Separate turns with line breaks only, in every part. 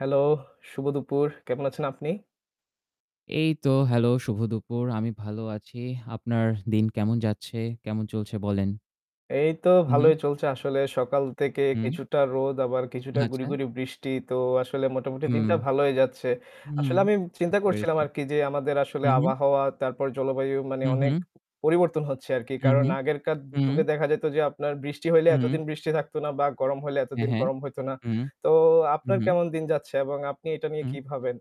Hello, শুভ দুপুর। কেমন আছেন আপনি?
এই তো hello, শুভ দুপুর। আমি ভালো আছি। আপনার দিন কেমন যাচ্ছে? কেমন চলছে বলেন?
এই তো
হু, হু।
ভালোই চলছে আসলে। সকাল থেকে
হুম।
কিছুটা রোদ আবার কিছুটা গুড়ি,
আচ্ছা।
গুড়ি, বৃষ্টি। তো আসলে মোটামুটি
হুম।
দিনটা ভালোই যাচ্ছে।
হুম।
আসলে আমি চিন্তা
বুঝতে
করছিলাম
পেরেছি।
আরকি যে আমাদের আসলে
হু, হু।
আবহাওয়া তারপর জলবায়ু মানে
হু,
অনেক
হু।
পরিবর্তন হচ্ছে আরকি।
হু,
কারণ
হু,
আগেরকার যুগে
হু।
দেখা যেত যে আপনার বৃষ্টি হইলে
হু।
এতদিন বৃষ্টি থাকত না। বা গরম হইলে
হ্যাঁ,
এতদিন
হ্যাঁ।
গরম হইত না।
হুম।
তো
হু,
আপনার
হু।
কেমন দিন যাচ্ছে এবং আপনি এটা নিয়ে
হু।
কি ভাবেন?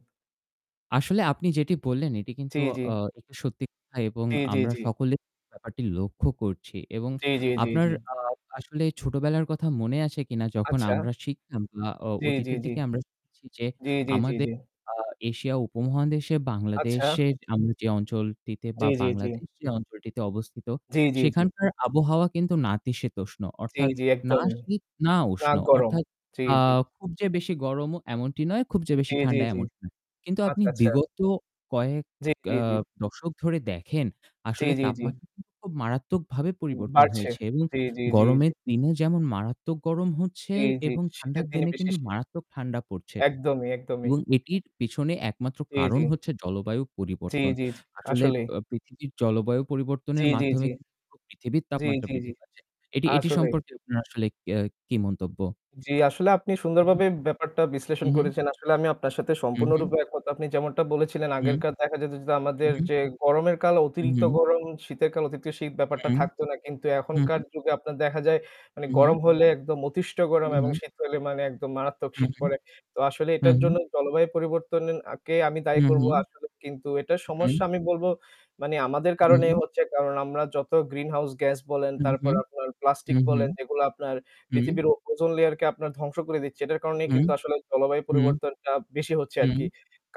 আসলে আপনি যেটি বললেন এটি কিন্তু,
জি, জি।
অ এটি সত্যি [unintelligible] এবং
জি, জি,
আমরা
জি।
সকলে ব্যাপারটি লক্ষ্য করছি এবং
জি, জি, জি,
আপনার,
জি।
আ আসলে ছোটবেলার কথা মনে আছে কিনা? যখন
আচ্ছা।
আমরা শিখতাম বা অ
জি, জি,
অতীতের
জি।
দিকে আমরা [unintelligible] যে
জি, জি, জি,
আমাদের
জি।
আ এশিয়া উপমহাদেশে,
আচ্ছা।
বাংলাদেশে আমরা যে অঞ্চলটিতে বা
জি, জি, জি।
বাংলাদেশ যে অঞ্চলটিতে অবস্থিত
জি, জি, জি।
সেখানকার আবহাওয়া কিন্তু নাতিশীতোষ্ণ
জি,
অর্থাৎ
জি,
না
একদমই।
শীত, না
না
উষ্ণ
গরম।
অর্থাৎ,
জি,
আ
জি।
খুব যে বেশি গরমও এমনটি নয়, খুব যে বেশি
জি, জি,
ঠান্ডা
জি।
এমনটা নয়। কিন্তু আপনি
আচ্ছা, আচ্ছা।
বিগত কয়েক,
জি, জি,
আ
জি।
দশক ধরে দেখেন
জি,
আসলে
জি, জি।
তাপমাত্রা [unintelligible] খুব মারাত্মকভাবে
উ
পরিবর্তন
বাড়ছে।
হয়েছে এবং
জি, জি, জি, জি।
গরমের দিনে যেমন মারাত্মক গরম হচ্ছে।
জি, জি।
এবং ঠান্ডার
শীতের দিনে
দিনে
বেশি
কিন্তু
শীত।
মারাত্মক ঠান্ডা পড়ছে।
একদমই, একদমই।
এবং এটির পিছনে একমাত্র
জি, জি।
কারণ হচ্ছে জলবায়ু
জি,
পরিবর্তন।
জি, জি
আসলে
আসলেই।
আ পৃথিবীর জলবায়ু
জি,
পরিবর্তনের
জি,
মাধ্যমে
জি।
কিন্তু পুরো পৃথিবীর
জি,
তাপমাত্রা
জি, জি।
বৃদ্ধি পাচ্ছে। এটি, এটি,
আসলেই।
সম্পর্কে আপনার আসলে আ কি মন্তব্য?
জি, আসলে আপনি
হু, হু।
সুন্দরভাবে ব্যাপারটা
হু,
বিশ্লেষণ
হু।
করেছেন। আসলে আমি আপনার সাথে
হু, হু।
সম্পূর্ণরূপে একমত। আপনি যেমনটা বলেছিলেন
হু।
আগেরকার দেখা যেত যে,
হু,
আমাদের
হু।
যে গরমের কাল
হু,
অতিরিক্ত
হু।
গরম, শীতের কাল অতিরিক্ত শীত ব্যাপারটা
হু।
থাকত না। কিন্তু
হু।
এখনকার যুগে আপনার দেখা যায় মানে
হু, হু।
গরম হলে একদম অতিষ্ঠ
হু,
গরম এবং
হু।
শীত হলে মানে একদম মানে মারাত্মক
হু,
শীত
হু।
পড়ে। তো আসলে
হু,
এটার
হু।
জন্য জলবায়ু পরিবর্তনের আকে আমি
হু,
দায়ী করব
হু।
আসলে। কিন্তু এটার সমস্যা
হু।
আমি বলব মানে আমাদের
হু,
কারণেই
হু।
হচ্ছে। কারণ আমরা যত গ্রিনহাউস গ্যাস বলেন,
হু, হু।
তারপর আপনার
হু,
প্লাস্টিক
হু।
বলেন, এগুলো আপনার
হু।
পৃথিবীর ও ওজন লেয়ারকে আপনার ধ্বংস করে দিচ্ছে। এটার কারণেই
হু।
কিন্তু আসলে জলবায়ু
হু।
পরিবর্তনটা বেশি হচ্ছে
হু।
আরকি।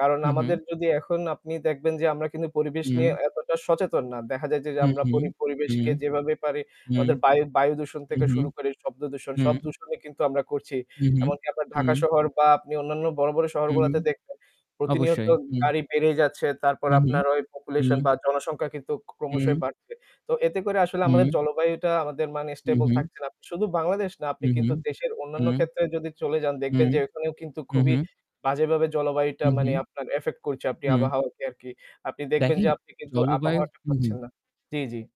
কারণ
হু, হু।
আমাদের যদি এখন আপনি দেখবেন যে আমরা কিন্তু পরিবেশ নিয়ে
হু।
এতটা সচেতন না। দেখা যায় যে,
হু,
আমরা
হু।
পরি
হু।
পরিবেশকে যেভাবে পারি
হু।
আমাদের বায় বায়ু দূষণ
হু,
থেকে
হু।
শুরু করে শব্দ দূষণ সব
হু।
দূষণই কিন্তু আমরা করছি।
হু, হু।
এমনকি আপনার ঢাকা
হু।
শহর বা আপনি অন্যান্য বড়, বড়,
হু।
শহরগুলোতে দেখবেন প্রতিনিয়ত
অবশ্যই। হু।
গাড়ি বেড়ে যাচ্ছে। তারপর
হু, হু।
আপনার ওই পপুলেশন
হু।
বা জনসংখ্যা কিন্তু ক ক্রমশই
হু।
বাড়ছে। তো এতে করে আসলে আমাদের
হু।
জলবায়ুটা আমাদের মানে
হু,
স্টেবল
হু।
থাকছে না। শুধু বাংলাদেশ না, আপনি
হু, হু,
কিন্তু দেশের অন্যান্য
হু।
ক্ষেত্রে যদি চলে যান
হু,
দেখবেন যে ওখানেও কিন্তু
হু,
খুবই
হু।
বাজেভাবে জলবায়ুটা
হু,
মানে
হু।
আপনার এফেক্ট করছে, আপনি
হু।
আবহাওয়াকে আরকি। আপনি দেখবেন যে
দেখেন
আপনি কিন্তু
জলবায়ু
আবহাওয়াটা
হু, হু।
পাচ্ছেন না। জি, জি।